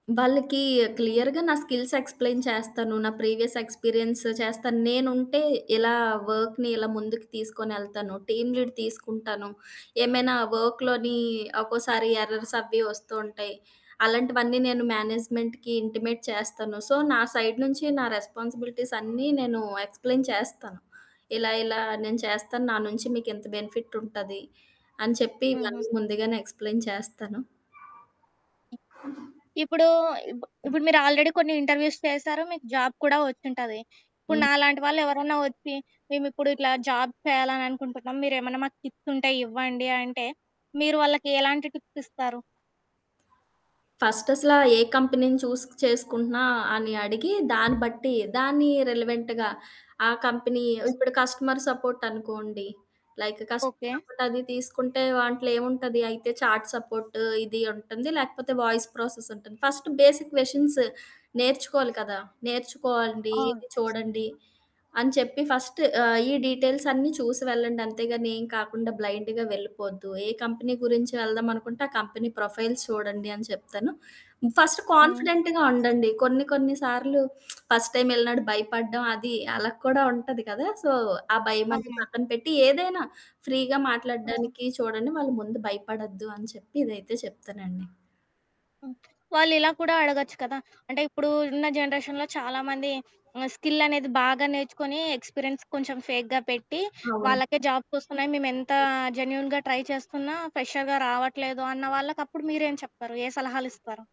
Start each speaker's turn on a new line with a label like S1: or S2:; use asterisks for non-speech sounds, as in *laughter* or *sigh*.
S1: వాళ్ళకి క్లియర్‌గా నా స్కిల్స్ ఎక్స్‌ప్లెయిన్ చేస్తాను. నా ప్రీవియస్ ఎక్స్పీరియన్స్ చేస్తాను. నేనుంటే ఇలా వర్క్‌ని ఇలా ముందుకు తీసుకొనెళ్తాను. టీమ్ లీడ్ తీసుకుంటాను. ఏమైనా వర్క్‌లోని ఒక్కోసారి ఎర్రర్స్ అవి వస్తూ ఉంటాయి. అలాంటివన్నీ నేను మేనేజ్మెంట్‌కి ఇంటిమేట్ చేస్తాను. సో నా సైడ్ నుంచి నా రెస్పాన్సిబిలిటీస్ అన్నీ నేను ఎక్స్‌ప్లెయిన్ చేస్తాను. ఇలా ఇలా నేను చేస్తాను. నా నుంచి మీకు ఇంత బెనిఫిట్ ఉంటది. అని చెప్పి
S2: హుహు.
S1: ఇవన్నీ ముందుగానే ఎక్స్‌ప్లెయిన్ చేస్తాను.
S2: ఇప్పుడూ ఇప్పుడు మీరు ఆల్రెడీ కొన్ని ఇంటర్వ్యూస్ చేశారు. మీకు జాబ్ కూడా వచ్చింటది. ఇప్పుడు
S1: హ్మ్.
S2: నాలాంటి వాళ్ళెవరన్నా వచ్చి, మేమిప్పుడు ఇట్లా జాబ్ చేయాలనుకుంటున్నాం. మీరేమన్నా మాకు టిప్స్ ఉంటే ఇవ్వండి అంటే, మీరు వాళ్ళకి ఎలాంటి టిప్స్ ఇస్తారు?
S1: ఫస్ట్ అసల ఏ కంపెనీని చూజ్ చేసుకుంటున్నా అని అడిగి దాన్ని బట్టి, దాన్ని రిలవెంట్‌గా ఆ కంపెనీ ఇప్పుడు కస్టమర్ సపోర్ట్ అనుకోండి, లైక్ కస్టమర్
S2: ఓకే.
S1: సపోర్ట్ అది తీసుకుంటే దాంట్లో ఏముంటది? అయితే చాట్ సపోర్టు ఇది ఉంటుంది. లేకపోతే వాయిస్ ప్రాసెస్ ఉంటుంది. ఫ‌స్ట్ బేసిక్ క్వషన్స్ నేర్చుకోవాలి కదా! నేర్చుకోండి
S2: అవును.
S1: ఇది చూడండి. అని చెప్పి ఫస్ట్ ఆహ్, ఈ డీటెయిల్స్ అన్ని చూసి వెళ్ళండి. అంతేగాని ఏ కాకుండా బ్లైండ్‌గా వెళ్లిపోవద్దు. ఏ కంపెనీ గురించి వెళ్దాం అనుకుంటే, ఆ కంపెనీ ప్రొఫైల్స్ చూడండి అని చెప్తాను. ఫస్ట్
S2: హ్మ్.
S1: కాన్ఫిడెంట్‌గా ఉండండి. కొన్ని కొన్ని సార్లు *smacks lips* ఫస్ట్ టైమ్ వెళ్ళినప్పుడు భయపడడం అది అలా కూడా ఉంటది గదా! సో ఆ భయం
S2: ఆ!
S1: అని పక్కన పెట్టి ఏదైనా ఫ్రీగా
S2: ఆ!
S1: మాట్లాడడానికి చూడండి వాళ్ళ ముందు భయపడొద్దు అని చెప్పి ఇదైతే చెప్తానండి.
S2: హ్మ్. వాళ్ళిలా కూడా అడగొచ్చు కదా! అంటే ఇప్పుడు ఉన్న జనరేషన్‌లో చాలా మంది ఆహ్, స్కిల్ అనేది బాగా నేర్చుకొని, ఎక్స్పీరియన్స్ కొంచెం ఫేక్‌గా పెట్టి,
S1: అవును.
S2: వాళ్ళకే జాబ్స్ ఒస్తున్నాయి. మేము ఎంత జెన్యూన్‌గా ట్రై చేస్తున్నా ఫ్రెషర్‌గా రావట్లేదు అన్న వాళ్ళకి అప్పుడు మీరేం చెప్తారు? ఏ సలహాలిస్తారు?